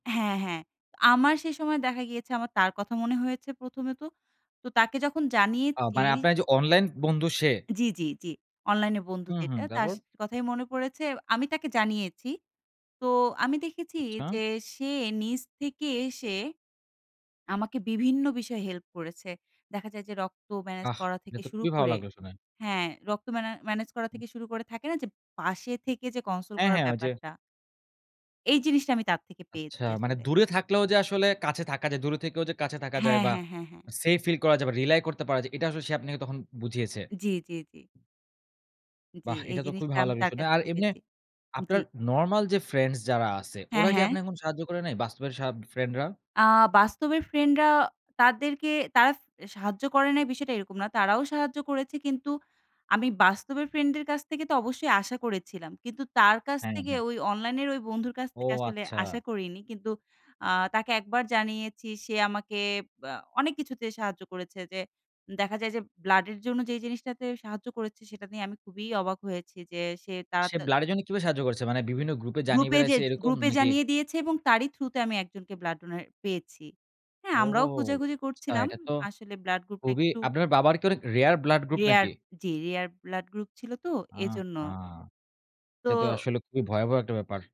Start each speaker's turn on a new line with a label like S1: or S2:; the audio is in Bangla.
S1: হ্যাঁ, হ্যাঁ আমার সেই সময় দেখা গিয়েছে আমার তার কথা মনে হয়েছে: প্রথমে তো। তো তাকে যখন
S2: আ
S1: জানিয়েছি।
S2: মানে আপনার যে অনলাইন বন্ধু সে?
S1: জি, জি, জি। অনলাইন এ বন্ধু
S2: হু, হু,
S1: যেটা তার
S2: তারপর?
S1: সা কথাই মনে পড়েছে। আমি তাকে জানিয়েছি। তো আমি দেখেছি
S2: আচ্ছা।
S1: যে সে নিজ থেকে এসে আমাকে বিভিন্ন বিষয়ে হেল্প করেছে। দেখা যায় যে রক্ত ম্যানেজ
S2: আহ!
S1: করা
S2: এটা
S1: থেকে
S2: তো
S1: শুরু
S2: খুবই ভাল
S1: করে,
S2: লাগল শুনে।
S1: হ্যাঁ, রক্ত ম্যা ম্যানেজ করা
S2: হুম।
S1: থেকে শুরু করে থাকে না যে পাশে থেকে যে console
S2: হ্যাঁ,
S1: করার
S2: হ্যাঁ ওই যে।
S1: ব্যাপারটা। এই জিনিসটা আমি তার থেকে
S2: আচ্ছা,
S1: পেয়েছি
S2: মানে
S1: আসলে।
S2: দূরে থাকলেও যে আসলে কাছে থাকা যায়, দূরে থেকেও যে কাছে থাকা যায়
S1: হ্যাঁ,
S2: বা
S1: হ্যাঁ, হ্যাঁ, হ্যাঁ।
S2: সেইফ ফিল করা যায় বা রিলাই করতে পারা যায় এটা আসলে সে আপনাকে বুঝিয়েছে?
S1: জি, জি, জি। জি
S2: বাহ্!
S1: এই
S2: এটা তো খুবই
S1: জিনিসটা
S2: ভালো
S1: আমি
S2: লাগলো
S1: তার
S2: শুনে।
S1: কাছ
S2: আর
S1: থেকে
S2: এমনে
S1: পেয়েছি জি।
S2: আপনার নরমাল যে ফ্রেন্ডস যারা আছে,
S1: হ্যাঁ,
S2: ওরা কি
S1: হ্যাঁ।
S2: আপনাকে এখন সাহায্য করে নাই, বাস্তবের সা ফ্রেন্ড রা?
S1: আ বাস্তবের ফ্রেন্ড রা তাদেরকে তারা সাহায্য করে নাই বিষয়টা এরকম না। তারাও সাহায্য করেছে কিন্তু আমি বাস্তবের ফ্রেন্ড এর কাছ থেকে তো অবশ্যই আশা করেছিলাম। কিন্তু তার কাছ
S2: হ্যাঁ,
S1: থেকে
S2: হ্যাঁ।
S1: ওই অনলাইনের ওই বন্ধুর কাছ
S2: ও
S1: থেকে আসলে আশা
S2: আচ্ছা।
S1: করিনি। কিন্তু আ তাকে একবার জানিয়েছি সে আমাকে বা অনেক কিছুতে সাহায্য করেছে যে দেখা যায় যে ব্লাডের জন্য যে জিনিসটাতে সাহায্য করেছে সেটা নিয়ে আমি খুবই অবাক হয়েছি যে সে তা
S2: সে
S1: তার
S2: ব্লাড এর জন্য কিভাবে সাহায্য করছে? মানে বিভিন্ন গ্রুপ এ জানিয়ে
S1: গ্রুপে
S2: বেড়াইছে
S1: যেয়ে,
S2: এরকম
S1: গ্রুপে
S2: নাকি?
S1: জানিয়ে দিয়েছে এবং তারই থ্রু তে আমি একজনকে ব্লাড ডোনার পেয়েছি। হ্যাঁ,
S2: ও
S1: আমরাও খুঁজেখুঁজি
S2: আচ্ছা
S1: করছিলাম।
S2: এটা তো
S1: আসলে ব্লাড গ্রুপটা
S2: খুবই
S1: একটু।
S2: আপনার বাবার কি অনেক রেয়ার ব্লাড গ্রুপ
S1: রেয়ার
S2: নাকি?
S1: জি, রেয়ার ব্লাড গ্রুপ ছিল তো
S2: আহ
S1: এজন্য।
S2: হা! এটা তো
S1: তো
S2: আসলে খুবই ভয়াবহ একটা ব্যাপার।